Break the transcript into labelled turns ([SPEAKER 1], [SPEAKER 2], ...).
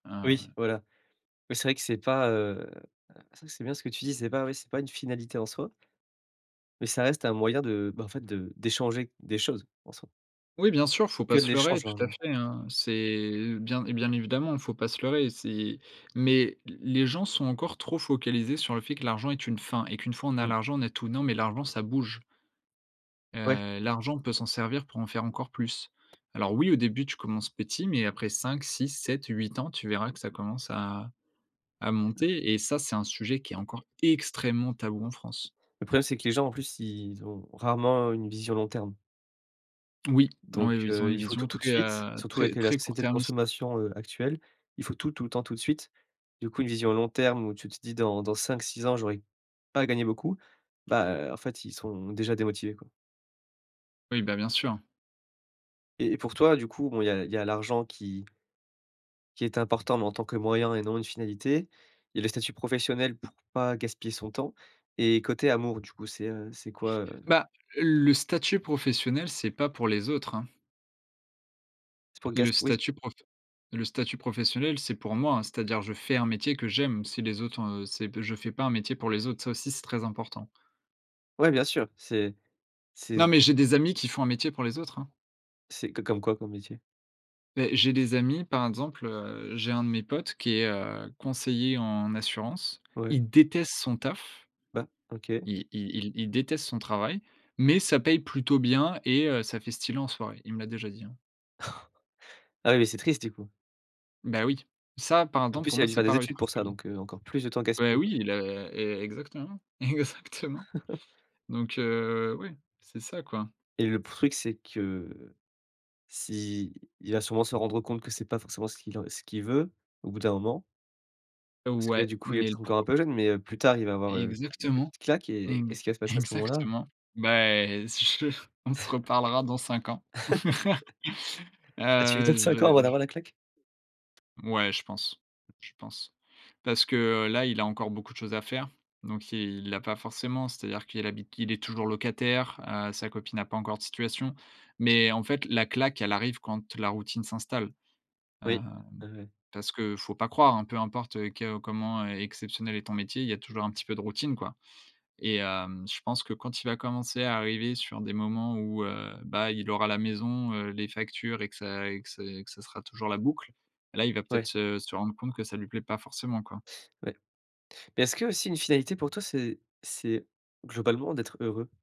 [SPEAKER 1] Ah
[SPEAKER 2] Oui
[SPEAKER 1] ouais.
[SPEAKER 2] voilà. Mais c'est vrai que c'est pas, heu, heu, c'est c'est bien ce que tu dis. C'est pas ouais, c'est pas une finalité en soi. Mais ça reste un moyen de, bah, en fait de d'échanger des choses, en soi
[SPEAKER 1] Oui, bien sûr, il faut
[SPEAKER 2] que
[SPEAKER 1] pas
[SPEAKER 2] de
[SPEAKER 1] se leurrer,
[SPEAKER 2] l'échange,
[SPEAKER 1] tout à
[SPEAKER 2] l'argent.
[SPEAKER 1] fait, hein. C'est l bien bien évidemment, il faut pas se leurrer, c'est mais, l les gens sont encore trop focalisés sur le fait que l'argent est une fin et qu'une fois on a
[SPEAKER 2] Mmh.
[SPEAKER 1] l'argent, on a tout. Non, mais l'argent ça bouge
[SPEAKER 2] Ouais.
[SPEAKER 1] heu, l'argent, on peut s'en servir pour en faire encore plus. Alors oui, au début tu commences petit, mais après 5, 6, 7, 8 ans, tu verras que ça commence à à monter. Et ça, c'est un sujet qui est encore extrêmement tabou, en France.
[SPEAKER 2] Le problème, c'est que les gens, en plus, ils, ont rarement une vision long terme
[SPEAKER 1] Oui.
[SPEAKER 2] donc,
[SPEAKER 1] Oui, oui, ils ont
[SPEAKER 2] heu,
[SPEAKER 1] une
[SPEAKER 2] il faut
[SPEAKER 1] vision
[SPEAKER 2] tout, tout de
[SPEAKER 1] très,
[SPEAKER 2] suite,
[SPEAKER 1] heu,
[SPEAKER 2] surtout
[SPEAKER 1] très,
[SPEAKER 2] avec le la
[SPEAKER 1] très
[SPEAKER 2] société de
[SPEAKER 1] court-termiste.
[SPEAKER 2] consommation, heu, actuelle. Il faut tout, tout le temps, tout de suite. Du coup, une vision long terme où tu te dis: «Dans dans 5-6 ans, j'aurais pas gagné beaucoup». Bah en fait, ils sont déjà démotivés, quoi
[SPEAKER 1] Oui, bah, bien sûr.
[SPEAKER 2] et pour toi, du coup, bon, il y a il y a l'argent qui qui est important, mais en tant que moyen et non une finalité. Il y a le statut professionnel pour pas gaspiller son temps. Et côté amour, du coup, c'est, heu, c'est quoi, heu?
[SPEAKER 1] Bah, le statut professionnel, c'est pas pour les autres, hein
[SPEAKER 2] C'est pour gas
[SPEAKER 1] le
[SPEAKER 2] oui z
[SPEAKER 1] statut profe le statut professionnel, c'est pour moi, hein. C'est-à-dire, je fais un métier que j'aime. Si les autres, heu, c'est p je fais pas un métier pour les autres, ça aussi, c'est très important.
[SPEAKER 2] Ouais bien sûr, c'est
[SPEAKER 1] Non,
[SPEAKER 2] c'est
[SPEAKER 1] mais j'ai des amis qui font un métier pour les autres, hein.
[SPEAKER 2] C'est co comme quoi, comme métier?
[SPEAKER 1] Beh, j'ai des amis, par exemple, heu, j'ai 1 de mes potes qui est, heu, conseiller en assurance.
[SPEAKER 2] Ouais.
[SPEAKER 1] Il déteste son taf.
[SPEAKER 2] Bah OK.
[SPEAKER 1] Il il il il déteste son travail, mais ça paye plutôt bien et heu, ça fait stylé en soirée. Il me l'a déjà dit, hein.
[SPEAKER 2] Ah oui, mais c'est triste du coup
[SPEAKER 1] Bah oui. Ça, par
[SPEAKER 2] en
[SPEAKER 1] exemple pour
[SPEAKER 2] plus, il
[SPEAKER 1] moi,
[SPEAKER 2] a dû
[SPEAKER 1] c'est
[SPEAKER 2] faire
[SPEAKER 1] pas
[SPEAKER 2] des
[SPEAKER 1] réussir
[SPEAKER 2] études pour
[SPEAKER 1] sa
[SPEAKER 2] ça,
[SPEAKER 1] vie.
[SPEAKER 2] donc, heu, encore plus de temps
[SPEAKER 1] Beh
[SPEAKER 2] gaspillé, quoi.
[SPEAKER 1] oui, il a e exactement. Exactement. Donc, heu, oui. C'est ça, quoi.
[SPEAKER 2] Et le p truc, c'est que si il va sûrement se rendre compte que c'est pas forcément ce qu'il en ce qu'il veut au bout d'un moment parce que là
[SPEAKER 1] Ouais,
[SPEAKER 2] du coup, il est
[SPEAKER 1] mais le
[SPEAKER 2] peut-être encore un
[SPEAKER 1] pro
[SPEAKER 2] peu jeune, mais, heu, plus tard, il va avoir, heu, une
[SPEAKER 1] Exactement.
[SPEAKER 2] petite claque et
[SPEAKER 1] Ex
[SPEAKER 2] qu'est-ce qui va se passer à ce moment-là?
[SPEAKER 1] exactement. Bah, heu, si je te on se reparlera dans 5 ans.
[SPEAKER 2] Ah, tu lui
[SPEAKER 1] Ah,
[SPEAKER 2] donnes 5 ans
[SPEAKER 1] j'ai
[SPEAKER 2] avant
[SPEAKER 1] j
[SPEAKER 2] d'avoir la claque?
[SPEAKER 1] Ouais, je pense, je pense. Parce que, heu, là, il a encore beaucoup de choses à faire. Donc il l'a pas forcément, c'est-à-dire qu'il habite il est toujours locataire, heu, sa copine n'a pas encore de situation. Mais en fait, la claque, elle arrive quand la routine s'installe.
[SPEAKER 2] Oui.
[SPEAKER 1] Hem,
[SPEAKER 2] Ah ouais.
[SPEAKER 1] parce que, faut pas croire, hein, peu importe, heu, que comment, e exceptionnel est ton métier, il y a toujours un petit peu de routine, quoi et hem, je pense que quand il va commencer à arriver sur des moments où, heu, bah, il aura la maison, heu, les factures et que ça et que ça et que ça sera toujours la boucle, là, il va peut-être
[SPEAKER 2] Ouais.
[SPEAKER 1] se se rendre compte que ça lui plaît pas forcément, quoi.
[SPEAKER 2] Ouais. Mais est-ce qu'aussi une finalité pour toi, c'est c'est globalement d'être heureux?